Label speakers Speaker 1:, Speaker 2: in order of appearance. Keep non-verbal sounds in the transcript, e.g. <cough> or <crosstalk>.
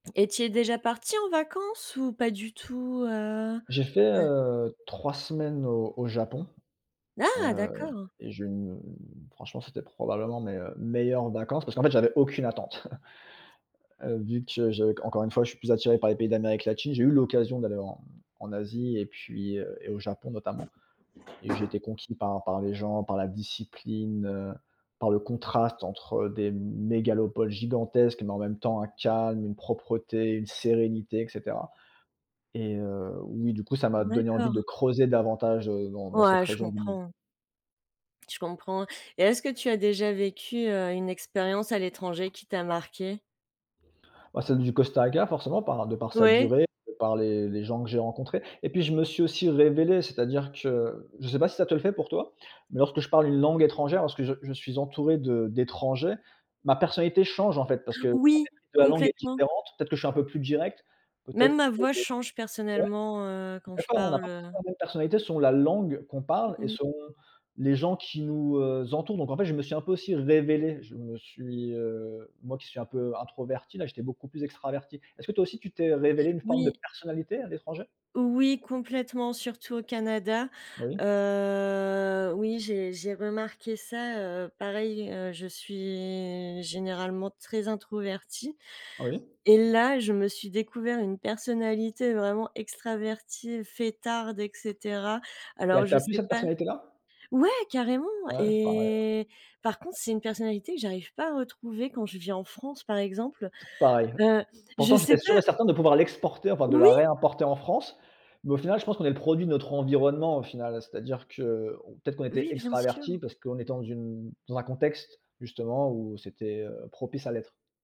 Speaker 1: Et tu es déjà parti en vacances ou pas du tout? Heu,
Speaker 2: J'ai fait,
Speaker 1: ouais.
Speaker 2: heu, 3 semaines au au Japon,
Speaker 1: Ah!
Speaker 2: heu
Speaker 1: D'accord.
Speaker 2: et j'ai une, heu, franchement, c'était probablement mes, heu, meilleures vacances. Parce qu'en fait, j'avais aucune attente. <chuckles> Heu, vu que je qu'encore une fois, je suis plus attiré par les pays d'Amérique latine, j'ai eu l'occasion d'aller en en Asie et puis, heu et au Japon notamment et j'ai été conquis par par les gens, par la discipline. Heu, par le contraste entre des mégalopoles gigantesques, mais en même temps un calme, une propreté, une sérénité et cetera et heu, oui, du coup, ça m'a donné envie de
Speaker 1: D'accord.
Speaker 2: creuser davantage, heu, dans dans cette
Speaker 1: Ouais je
Speaker 2: région du monde.
Speaker 1: comprends. Je comprends et est ce que tu as déjà vécu, heu, une expérience à l'étranger qui t'a marquée?
Speaker 2: Ah, celle du Costa Rica forcément, par de par sa
Speaker 1: Oui.
Speaker 2: durée, par les les gens que j'ai rencontrés et puis je me suis aussi révélé. C'est-à-dire que, je sais pas si ça te le fait pour toi, mais lorsque je parle une langue étrangère, lorsque je je suis entouré de d'étrangers, ma personnalité change en fait. Parce que en
Speaker 1: Oui,
Speaker 2: fait la langue est
Speaker 1: complètement.
Speaker 2: différente, peut-être que je suis un peu plus direct, peut-être
Speaker 1: Même ma voix
Speaker 2: que
Speaker 1: change,
Speaker 2: ouais?
Speaker 1: personnellement, heu,
Speaker 2: On est
Speaker 1: quand je
Speaker 2: d'accord on n'a
Speaker 1: parle,
Speaker 2: pas
Speaker 1: heu
Speaker 2: forcément la même personnalité selon la langue qu'on parle et
Speaker 1: Mmh.
Speaker 2: selon, heu, les gens qui nous, heu, entourent donc en fait, je me suis un peu aussi révélé. Je me suis, heu moi qui suis un peu introverti, là j'étais beaucoup plus extraverti. Est ce que toi aussi tu t'es révélé une forme de
Speaker 1: Oui.
Speaker 2: personnalité à l'étranger?
Speaker 1: Oui complètement, surtout au Canada.
Speaker 2: Oui.
Speaker 1: Heu, oui j'ai j'ai remarqué ça, heu, pareil, heu, je suis généralement très introvertie
Speaker 2: Oui.
Speaker 1: et là, je me suis découvert une personnalité vraiment extravertie, fêtarde et cetera.
Speaker 2: Et
Speaker 1: Alors
Speaker 2: elle
Speaker 1: je
Speaker 2: t'a plu plus
Speaker 1: sais
Speaker 2: cette
Speaker 1: pas
Speaker 2: personnalité là?
Speaker 1: ouais, carrément
Speaker 2: Ah ouais? Pareil ouais.
Speaker 1: et par contre, c'est une personnalité que j'arrive pas à retrouver quand je vis en France par exemple,
Speaker 2: Toujours pareil.
Speaker 1: heu, je
Speaker 2: Pourtant
Speaker 1: sais
Speaker 2: j'étais sûr
Speaker 1: pas
Speaker 2: et certain de pouvoir l'exporter, enfin de
Speaker 1: oui!
Speaker 2: la réimporter en France, mais au final je pense qu'on est le produit de notre environnement, au final. C'est-à-dire que, on peut-être qu'on était
Speaker 1: Oui, bien
Speaker 2: extraverti
Speaker 1: sûr.
Speaker 2: parce que on est dans une dans un contexte justement où c'était, heu, propice à l'être.